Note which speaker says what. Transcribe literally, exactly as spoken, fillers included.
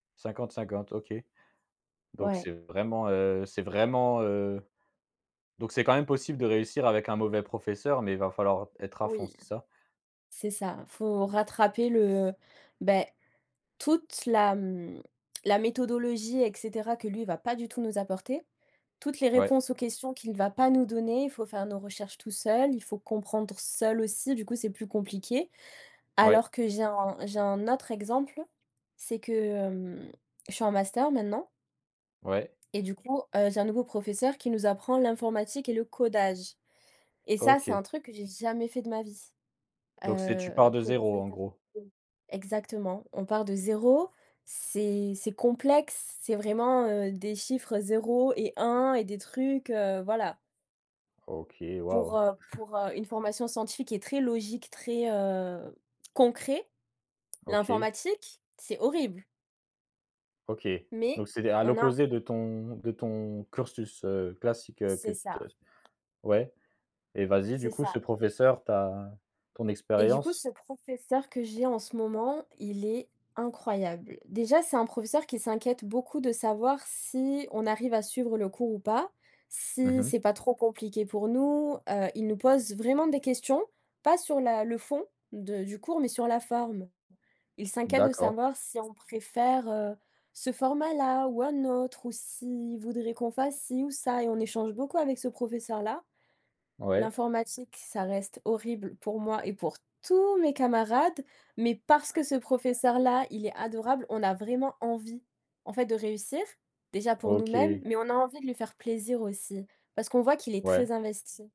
Speaker 1: cinquante-cinquante, OK, donc c'est
Speaker 2: Ouais.
Speaker 1: vraiment, heu c'est vraiment, heu donc c'est quand même possible de réussir avec un mauvais professeur mais il va falloir être à fond,
Speaker 2: Oui.
Speaker 1: c'est ça?
Speaker 2: C'est ça, faut rattraper le beh, toute la m la méthodologie et cetera, que lui va pas du tout nous apporter. Toutes les
Speaker 1: Ouais.
Speaker 2: réponses aux questions qu'il va pas nous donner. Faut faire nos recherches tous seuls, il faut comprendre seul aussi, du coup c'est plus compliqué.
Speaker 1: Ouais.
Speaker 2: Alors que j'ai un j'ai un autre exemple. C'est que, hem, je suis en master maintenant
Speaker 1: Ouais.
Speaker 2: et du coup, heu, j'ai un nouveau professeur qui nous apprend l'informatique et le codage et ça c'est un
Speaker 1: OK.
Speaker 2: truc que j'ai jamais fait de ma vie.
Speaker 1: Donc c'est tu
Speaker 2: Heu.
Speaker 1: pars de zéro en gros?
Speaker 2: [unintelligible] exactement. On part de zéro, c'est c'est complexe, c'est vraiment, heu, des chiffres zéro et un, et des trucs, heu voilà.
Speaker 1: OK,
Speaker 2: Pour,
Speaker 1: waouh!
Speaker 2: heu, pour, heu, une formation scientifique et très logique, très, heu, concret,
Speaker 1: OK.
Speaker 2: l'informatique c'est horrible!
Speaker 1: OK
Speaker 2: Mais
Speaker 1: donc c'est dé à
Speaker 2: on a
Speaker 1: l'opposé
Speaker 2: [unintelligible]
Speaker 1: de ton de ton cursus, heu, classique, heu, que
Speaker 2: C'est
Speaker 1: tu te
Speaker 2: ça.
Speaker 1: s ouais et vas-y du
Speaker 2: C'est
Speaker 1: coup, ce
Speaker 2: ça.
Speaker 1: professeur, ta ton
Speaker 2: Et du coup
Speaker 1: expérience?
Speaker 2: ce professeur que j'ai en ce moment, il est incroyable. Déjà c'est un professeur qui s'inquiète beaucoup de savoir si on arrive à suivre le cours ou pas,
Speaker 1: Mmh
Speaker 2: si
Speaker 1: mh.
Speaker 2: c'est pas trop compliqué pour nous. Heu, il nous pose vraiment des questions. Pas sur la le fond de du cours mais sur la forme. Il s'inquiète de
Speaker 1: D'accord.
Speaker 2: savoir si on préfère, heu, ce format là ou un autre, ou s'il voudrait qu'on fasse ci ou ça et on échange beaucoup avec ce professeur là.
Speaker 1: Ouais.
Speaker 2: L'informatique ça reste horrible pour moi et pour tous mes camarades, mais parce
Speaker 1: Ouais.
Speaker 2: que ce professeur là il est adorable, on a vraiment envie en fait de réussir. Déjà pour nous mêmes,
Speaker 1: OK.
Speaker 2: mais on a envie de lui faire plaisir aussi, parce qu'on voit qu'il est
Speaker 1: Ouais.
Speaker 2: très investi.